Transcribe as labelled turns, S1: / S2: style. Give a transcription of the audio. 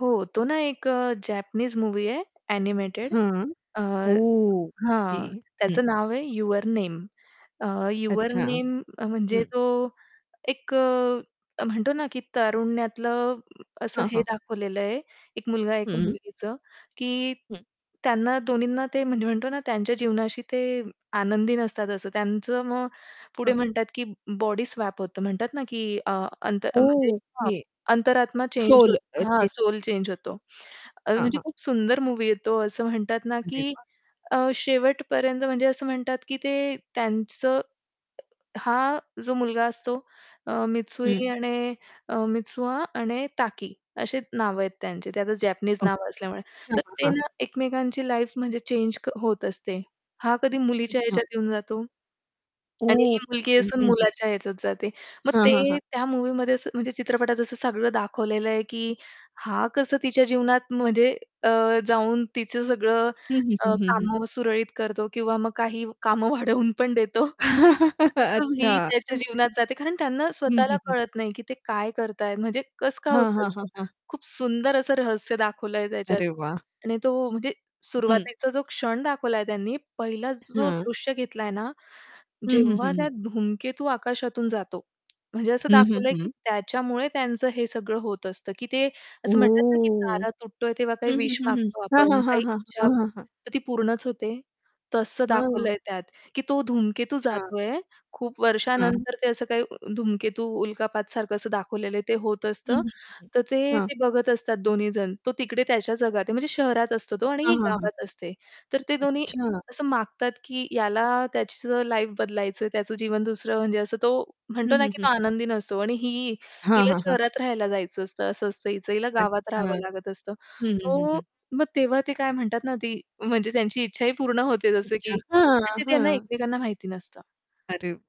S1: हो. तो ना एक जॅपनीज मूव्ही आहे, एनिमेटेड.
S2: हां.
S1: अ,
S2: ओके.
S1: हां,
S2: हं.
S1: त्याचं नाव आहे युवर नेम. अ, युवर
S2: अच्छा.
S1: नेम म्हणजे
S2: हं.
S1: तो एक अ, म्हणतो ना, की तारुण्यातलं असं
S2: हां,
S1: हे
S2: हां.
S1: दाखवलेलं आहे, एक मुलगा एक
S2: हं.
S1: मुलगीचं, की
S2: हं.
S1: त्यांना दोन्हीना ते म्हणजे म्हणतो ना त्यांच्या जीवनाशी ते आनंदी नसतात. असं त्यांचं, मग पुढे
S2: हां, हां.
S1: म्हणतात, की बॉडी स्वॅप होतं म्हणतात ना, की अ, अंत म्हणजे अ,
S2: ओके.
S1: अंतरात्मा चेंज
S2: सोल
S1: होत
S2: अ,
S1: हां,
S2: चें
S1: सोल चेंज होतो. अ,
S2: हां,
S1: म्हणजे
S2: हां.
S1: खूप सुंदर मूव्ही आहे तो. असं म्हणतात ना,
S2: अरे
S1: की
S2: वाह!
S1: अ, शेवटपर्यंत म्हणजे असं म्हणतात, की ते त्यांचं हा जो मुलगा असतो अ,
S2: हं.
S1: मित्सुई आणि अ, मित्सुआ आणि ताकी अशी नावं आहेत त्यांची. ते आता जॅपनीज नाव
S2: ओके.
S1: असल्यामुळे,
S2: हं,
S1: तर
S2: हं,
S1: ते
S2: हं.
S1: ना एकमेकांची लाईफ म्हणजे चेंज क होत असते. हा कधी मुलीच्या
S2: अच्छा.
S1: ह्याच्यात येऊन जातो. आणि ही
S2: ओके.
S1: मुलगी
S2: हं,
S1: असून
S2: हं.
S1: मुलाच्या ह्याच्यात जाते. मग
S2: हां, हां,
S1: ते
S2: हां.
S1: त्या मूव्हीमध्ये असं म्हणजे चित्रपटात असं सगळं दाखवलेलं आहे, की हा कसं तिच्या जीवनात म्हणजे अ, जाऊन तिचं सगळं
S2: हं, हं, हं,
S1: अ,
S2: हं, हं.
S1: कामं सुरळीत करतो किंवा मग काही कामं वाढवून पण देतो. तसंच
S2: अच्छा!
S1: ही
S2: अ,
S1: त्याच्या
S2: ते
S1: जीवनात जाते. कारण त्यांना
S2: हं,
S1: स्वतःला
S2: हं, हं.
S1: कळत नाही, की ते काय करत आहेत? म्हणजे कसं काय
S2: हां,
S1: होतं
S2: हां,
S1: असं?
S2: हां, हां.
S1: खूप सुंदर असं रहस्य दाखवलं आहे त्याच्यात.
S2: अरे वाह!
S1: आणि तो म्हणजे
S2: हं, हं.
S1: सुरुवातीचा जो क्षण दाखवलाय त्यांनी, पहिला जो
S2: हं.
S1: दृश्य घेतलाय ना,
S2: हं, हं,
S1: जेव्हा
S2: हं,
S1: त्या
S2: हं.
S1: धूमकेतू आकाशातून जातो, म्हणजे असं
S2: हं, हं,
S1: दाखवलं आहे, की
S2: हं.
S1: त्याच्यामुळे त्यांचं हे सगळं होत असतं, की ते असं म्हणतात ना, की
S2: ओह!
S1: तारा तुटतोय तेव्हा काही
S2: हं, हं,
S1: विश
S2: हं, हं.
S1: मागतो
S2: हां,
S1: आपण,
S2: हां, हां,
S1: काही
S2: हां,
S1: इच्छा,
S2: हां, हां.
S1: तर ती पूर्णच होते. तसं दाखवलं
S2: हं.
S1: आहे त्यात, की तो धूमकेतू
S2: अच्छा.
S1: जातो आहे. खूप
S2: हं.
S1: वर्षानंतर ते असं काही धूमकेतू, उल्कापातसारखं असं दाखवलेलं आहे ते होत
S2: हं,
S1: असतं.
S2: हं,
S1: तर
S2: हं.
S1: ते,
S2: हां.
S1: ते बघत असतात दोन्ही जण. तो तिकडे त्याच्या जगात आहे म्हणजे शहरात असतो तो, आणि
S2: हां,
S1: ही
S2: हां, हां, हां.
S1: गावात असते. तर ते दोन्ही
S2: अच्छा.
S1: असं मागतात, की याला त्याचं लाईफ बदलायचं आहे, त्याचं जीवन दुसरं म्हणजे असं तो
S2: हं,
S1: म्हणतो ना,
S2: हं,
S1: की
S2: हं,
S1: तो
S2: हं.
S1: आनंदी नसतो आणि ही
S2: हां,
S1: हिला
S2: हां, हां.
S1: शहरात राहायला जायचं असतं असं असतं हिचं हिला गावात
S2: अच्छा.
S1: राहावं लागत असतं.
S2: हं, हं, हं,
S1: सो
S2: हं.
S1: मग तेव्हा ते काय म्हणतात ना, ती म्हणजे त्यांची इच्छा ही पूर्ण होते. जसं
S2: इच्छा.
S1: की
S2: हां,
S1: ते त्यांना
S2: हां.
S1: एकमेकांना माहिती नसतं.
S2: अरे